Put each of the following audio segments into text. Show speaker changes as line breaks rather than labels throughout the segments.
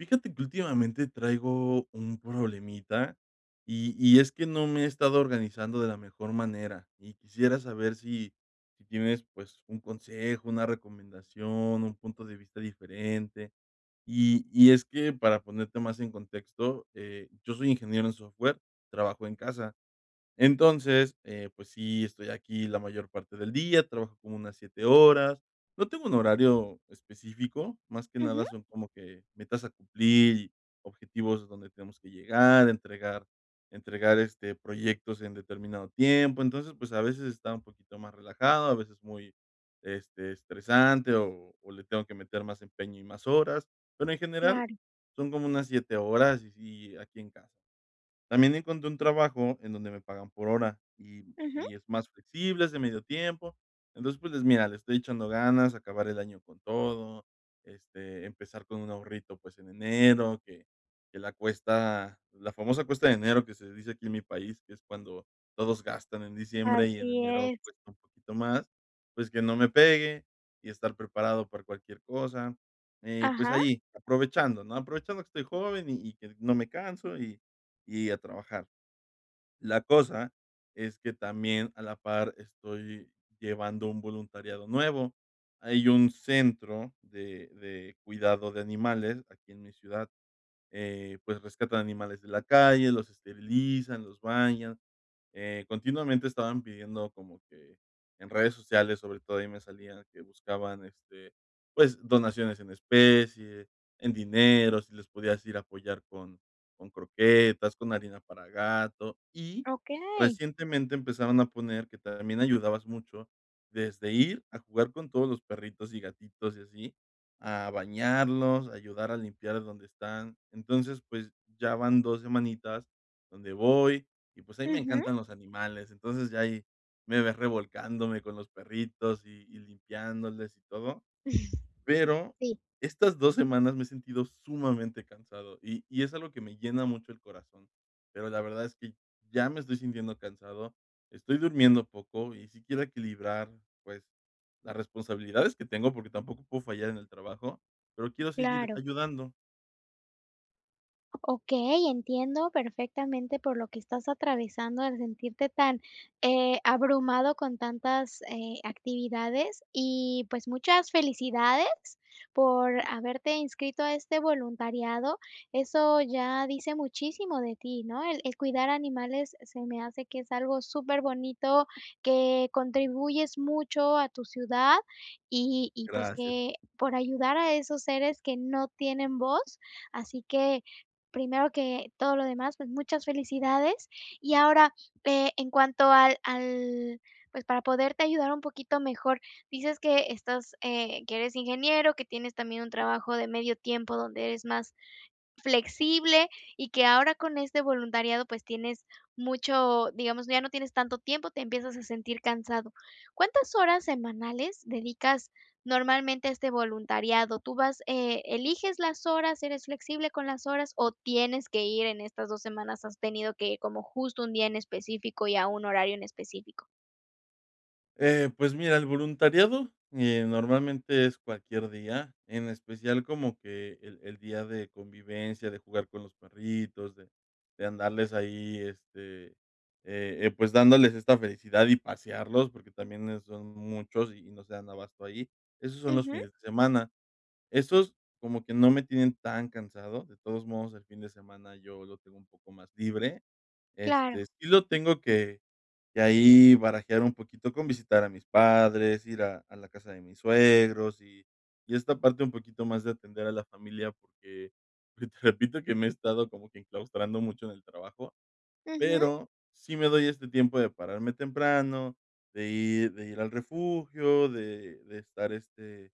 Fíjate que últimamente traigo un problemita, y y es que no me he estado organizando de la mejor manera, y quisiera saber si si tienes pues un consejo, una recomendación, un punto de vista diferente. Y y es que, para ponerte más en contexto, eh, yo soy ingeniero en software, trabajo en casa. Entonces, eh, pues sí, estoy aquí la mayor parte del día, trabajo como unas 7 horas, no tengo un horario específico, más que nada
Ujú.
son, como que metas a cumplir, y, objetivos donde tenemos que llegar, entregar entregar, este, proyectos, en determinado tiempo, entonces, pues, a veces está un poquito más relajado, a veces muy, este, estresante, o o le tengo que meter más empeño, y más horas, pero, en general
Claro.
son como unas 7 horas, y sí, aquí en casa. También encontré un trabajo, en donde me pagan por hora, y
Ujú.
y es más flexible, es de medio tiempo, entonces, pues, les mira, le estoy echando ganas, acabar el año con todo, este, empezar con un ahorrito, pues, en enero que que la cuesta la famosa cuesta de enero, que se dice aquí en mi país, que es cuando todos gastan en diciembre, y en
Así
enero
es.
cuesta un poquito más, pues, que no me pegue, y estar preparado para cualquier cosa. Eh, pues
Ajá.
ahí aprovechando, ¿no?, aprovechando que estoy joven, y y que no me canso, y y a trabajar. La cosa, es que también a la par, estoy llevando un voluntariado nuevo, hay un centro de de cuidado de animales, aquí en mi ciudad, eh, pues, rescatan animales de la calle, los esterilizan, los bañan, eh, continuamente estaban pidiendo, como que en redes sociales, sobre todo, ahí me salían que buscaban, este, pues, donaciones en especie, en dinero, si les podías ir a apoyar con con croquetas, con arena para gato, y
Okey.
recientemente, empezaron a poner que también ayudabas mucho, desde ir a jugar con todos los perritos, y gatitos y así, a bañarlos, ayudar a limpiar donde están, entonces, pues, ya van 2 semanitas, donde voy, y pues, a mí me
Ujú.
encantan los animales, entonces, ya ahí me ves, revolcándome con los perritos, y y limpiándoles, y todo, pero,
Sí.
estas 2 semanas me he sentido sumamente cansado, y y es algo, que me llena mucho el corazón, pero, la verdad es que, ya me estoy sintiendo cansado, estoy durmiendo poco, y sí quiero equilibrar, pues, las responsabilidades que tengo, porque, tampoco puedo fallar en el trabajo, pero quiero seguir
Claro.
ayudando.
Okey, entiendo perfectamente, por lo que estás atravesando, al sentirte tan, eh, abrumado con tantas, eh, actividades, y pues, muchas felicidades por haberte inscrito a este voluntariado. Eso, ya dice muchísimo de ti, ¿no?, el el cuidar animales, se me hace que es algo superbonito, que contribuyes mucho a tu ciudad, y y pues,
Gracias.
que por ayudar a esos seres que no tienen voz. Así que, primero que todo lo demás, pues, muchas felicidades. Y ahora, eh, en cuanto al al, pues, para poderte ayudar un poquito mejor, dices que estás eh, que eres ingeniero, que tienes también, un trabajo de medio tiempo, donde es más flexible, y que ahora, con este voluntariado, pues, tienes mucho, digamos, ya no tienes tanto tiempo, te empiezas a sentir cansado, ¿cuántas horas semanales, dedicas normalmente a este voluntariado? Tú vas, eh, eliges las horas, eres flexible con las horas, ¿o tienes que ir en estas 2 semanas, has tenido que como justo un día en específico, y a un horario en específico?
Eh, pues mira, el voluntariado, eh, normalmente es cualquier día, en especial como que el el día de convivencia, de jugar con los perritos, de de andarles ahí, este, eh eh, pues, dándoles esta felicidad, y pasearlos, porque, también, eh, son muchos, y no se dan abasto ahí. Esos son los
Ujú.
fines de semana. Esos, como que no me tienen, tan cansado, de todos modos el fin de semana, yo lo tengo un poco más libre.
Claro.
Este, sí lo tengo que que ahí barajear un poquito, con visitar a mis padres, ir a a la casa de mis suegros, y y esta parte, un poquito más de atender a la familia, porque, pues, te repito, que me he estado como que enclaustrando mucho en el trabajo.
Ujú.
Pero, sí me doy este tiempo, de pararme temprano, de ir de ir al refugio, de de estar, este,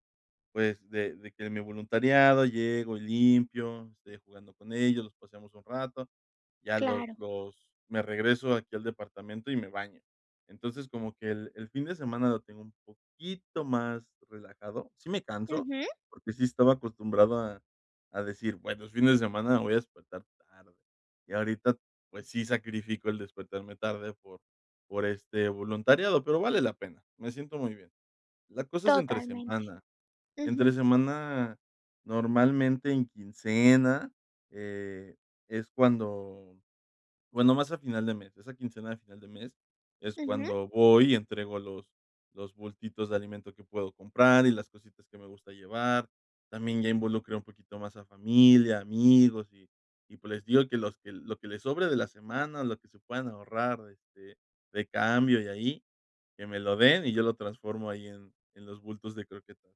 pues, de de que mi voluntariado, llego y limpio, estoy jugando con ellos, los pasemos un rato, ya los
Claro.
los me regreso aquí al departamento, y me baño. Entonces, como que el el fin de semana, lo tengo un poquito más relajado. Sí me canso,
Ujú.
porque, sí estaba acostumbrado a a decir, bueno, es fin de semana voy a despertar tarde. Y ahorita, pues, sí sacrifico el despertarme tarde, por por este voluntariado, pero, vale la pena. Me siento muy bien. La cosa es entre
Totalmente.
semana, entre
Ujú.
semana, normalmente en quincena, eh, es cuando, bueno, más a final de mes, esa quincena a final de mes, es
Ujú.
cuando voy, y entrego los los bultitos de alimento que puedo comprar, y las cositas que me gusta llevar. También, ya involucré un poquito más a familia, amigos, y y pues, les digo, que los que lo que les sobre de la semana, lo que se puedan ahorrar, este de cambio y ahí, que me lo den, y yo lo transformo ahí en en los bultos de croquetas.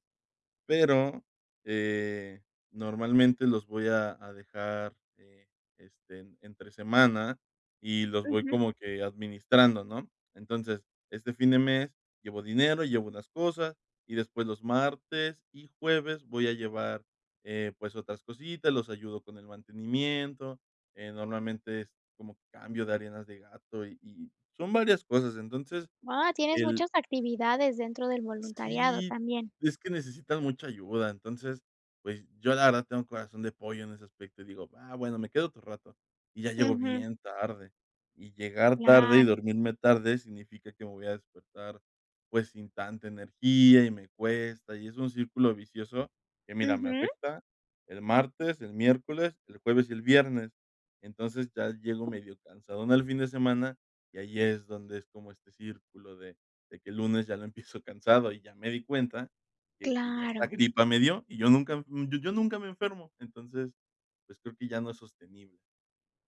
Pero, eh, normalmente los voy a a dejar, eh, este, entre semana, y los voy
Ujú.
como que administrando, ¿no? Entonces, este fin de mes, llevo dinero, llevo unas cosas, y después los martes y jueves, voy a llevar, eh, pues, otras cositas, los ayudo con el mantenimiento, eh, normalmente es como cambio de arenas de gato, y y son varias cosas. Entonces,
Guau, tienes
el
muchas actividades, dentro del voluntariado,
Sí,
también.
es que necesitan mucha ayuda. Entonces, pues, yo la verdad tengo corazón de pollo, en ese aspecto y digo: "Ah, bueno, me quedo otro rato, y ya llego
Ujú.
bien tarde". Y llegar tarde y
Claro.
dormirme tarde, significa que me voy a despertar, pues, sin tanta energía, y me cuesta, y es un círculo vicioso que, mira, me
Ujú.
afecta el martes, el miércoles, el jueves, y el viernes. Entonces, ya llego medio cansadón, al fin de semana, y ahí es donde, es como este círculo de de que, el lunes ya lo empiezo cansado. Y ya me di cuenta, que que ya esta
Claro.
gripa me dio, y yo nunca, yo yo nunca me enfermo. Entonces, pues, creo que ya no es sostenible.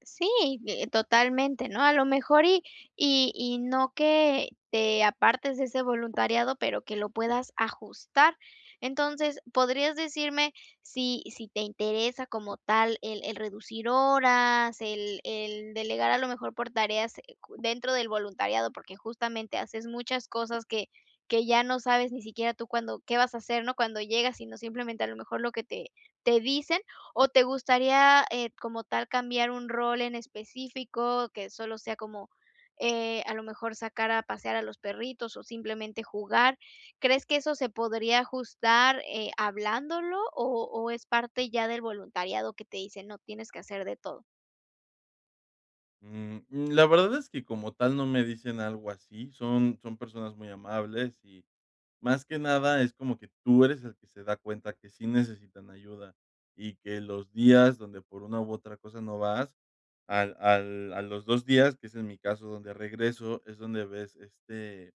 Sí, y eh, totalmente, ¿no?, a lo mejor, y y y no que, te apartes de ese voluntariado, pero, que lo puedas ajustar. Entonces, ¿podrías decirme, si si te interesa como tal, el el reducir horas, el el delegar a lo mejor por tareas, eh cu dentro del voluntariado? Porque, justamente haces muchas cosas, que que ya no sabes ni siquiera tú cuándo qué vas a hacer, ¿no?, cuando llegas, sino simplemente, a lo mejor lo que te te dicen, ¿o te gustaría, eh, como tal cambiar un rol en específico, que solo sea como, eh, a lo mejor sacar a pasear a los perritos, o simplemente jugar? ¿Crees que eso se podría ajustar, eh, hablándolo?, o o es parte ya del voluntariado, que te dicen: "No, tienes que hacer de todo".
Mm, la verdad es que como tal, no me dicen algo así, son son personas muy amables, y más que nada, es como que, tú eres el que se da cuenta que sí necesitan ayuda, y que los días donde por una u otra cosa no vas, al al a los 2 días, que es en mi caso, donde regreso, es donde ves, este,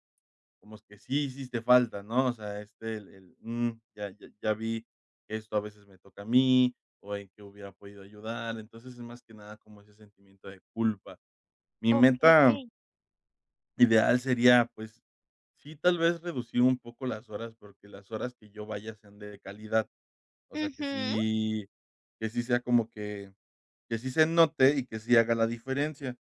como que sí hiciste falta, ¿no?, o sea, este, el el, mm, ya ya vi, esto a veces me toca a mí, o en qué hubiera podido ayudar, entonces, es más que nada, como ese sentimiento de culpa. Mi meta
Okey.
ideal sería, pues, sí tal vez, reducir un poco las horas, porque, las horas que yo vaya, sean de calidad, o sea, que
¡Ujú!
si que sí sea como que que sí se note, y que sí haga la diferencia.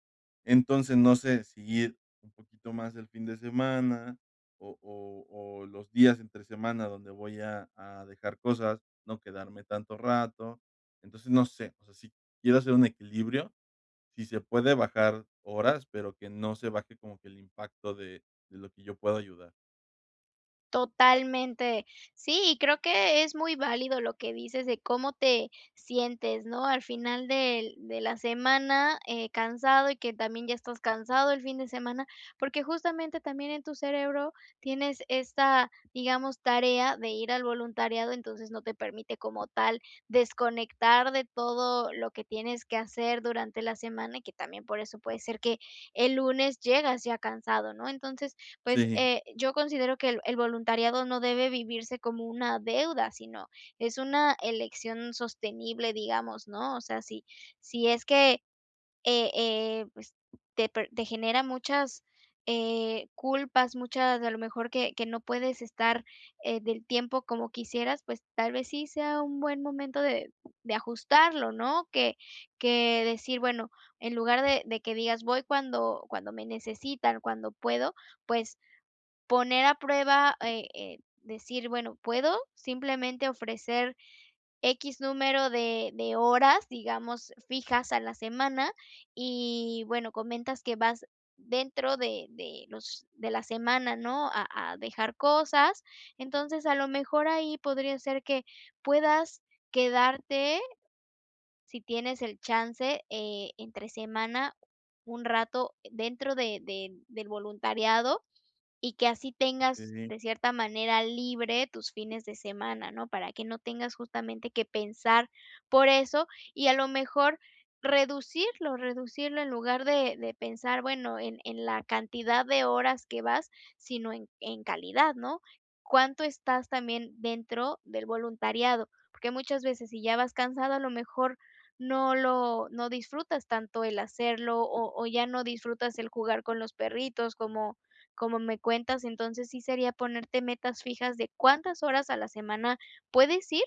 Entonces, no sé, si ir un poquito más el fin de semana, o o o los días entre semana, donde voy a a dejar cosas, no quedarme tanto rato. Entonces, no sé, o sea, si quiero hacer un equilibrio, si se puede bajar horas, pero, que no se baje como que el impacto, de de lo que yo puedo ayudar.
Totalmente. Sí, y creo que es muy válido lo que dices de cómo te sientes, ¿no? Al final del de la semana, eh, cansado y que también ya estás cansado el fin de semana, porque justamente también en tu cerebro tienes esta, digamos, tarea de ir al voluntariado, entonces no te permite como tal desconectar de todo lo que tienes que hacer durante la semana, que también por eso puede ser que el lunes llegas ya cansado, ¿no? Entonces, pues,
Sí.
eh, yo considero que el el voluntariado no debe vivirse como una deuda, sino es una elección sostenible, digamos, ¿no? O sea, si si es que, eh eh, pues, te pr te genera muchas, eh, culpas, muchas, a lo mejor, que que no puedes estar, eh, del tiempo como quisieras, pues tal vez sí sea un buen momento de de ajustarlo, ¿no? Que que decir, bueno, en lugar de de que digas voy cuando cuando me necesitan, cuando puedo, pues poner a prueba, eh eh, decir, bueno, puedo simplemente ofrecer equis número de de horas, digamos, fijas a la semana, y bueno, comentas que vas dentro de de los de la semana, ¿no? A a dejar cosas. Entonces, a lo mejor ahí podría ser que puedas quedarte, sí tienes el chance, eh, entre semana, un rato dentro de de del voluntariado y que así tengas
Okey.
de cierta manera libre tus fines de semana, ¿no? Para que no tengas justamente que pensar por eso y a lo mejor reducirlo reducirlo en lugar de de pensar, bueno, en en la cantidad de horas que vas, sino en en calidad, ¿no? Cuánto estás también dentro del voluntariado, porque muchas veces si ya vas cansado, a lo mejor no lo no disfrutas tanto el hacerlo, o o, ya no disfrutas el jugar con los perritos, como como me cuentas, entonces, sí sería ponerte metas fijas de cuántas horas a la semana puedes ir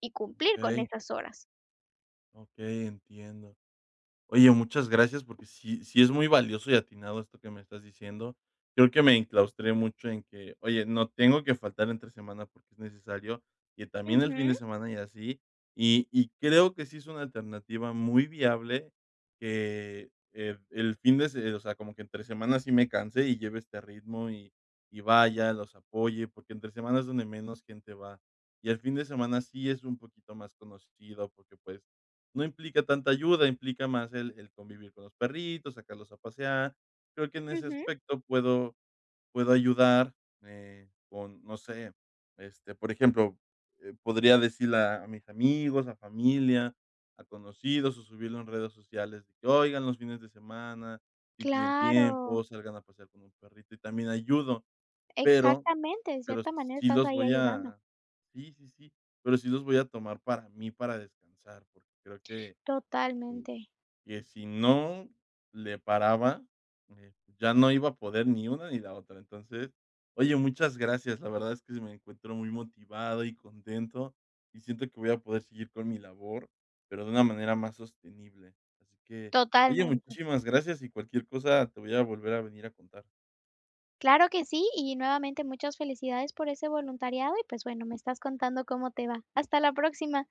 y cumplir con
Ey.
estas horas.
Okey, entiendo. Oye, muchas gracias porque sí sí es muy valioso y atinado esto que me estás diciendo, creo que me enclaustré mucho en que: "Oye, no tengo que faltar entre semana porque es necesario que también el fin
Ujú.
de semana", y así y y creo que sí es una alternativa muy viable que, eh, el fin de se o sea, como que entre semana sí me canse y lleve este ritmo y y vaya, los apoye, porque entre semana es donde menos gente va, y el fin de semana sí es un poquito más conocido, porque, pues, no implica tanta ayuda, implica más el el convivir con los perritos, sacarlos a pasear, creo que en ese
Ujú.
aspecto puedo puedo ayudar, eh, con, no sé, este, por ejemplo, eh, podría decirle a a mis amigos, a familia, a conocidos, o subirlo en redes sociales, de que: "Oigan los fines de semana, si tienen
Claro.
tiempo, salgan a pasear con un perrito", y también ayudo, pero
Exactamente, en
pero s
cierta manera
sí
estás
los
ahí
voy
ayudando.
a sí, sí, sí, pero sí los voy a tomar para mí, para descansar, porque creo que
Totalmente.
que si no le paraba, eh, ya no iba a poder ni una ni la otra, entonces oye, muchas gracias, la verdad es que sí me encuentro muy motivado y contento, y siento que voy a poder seguir con mi labor, pero de una manera más sostenible. Así que oye,
Totalmente.
muchísimas gracias y cualquier cosa te voy a volver a venir a contar.
Claro que sí, y nuevamente muchas felicidades por ese voluntariado y, pues bueno, me estás contando cómo te va. Hasta la próxima.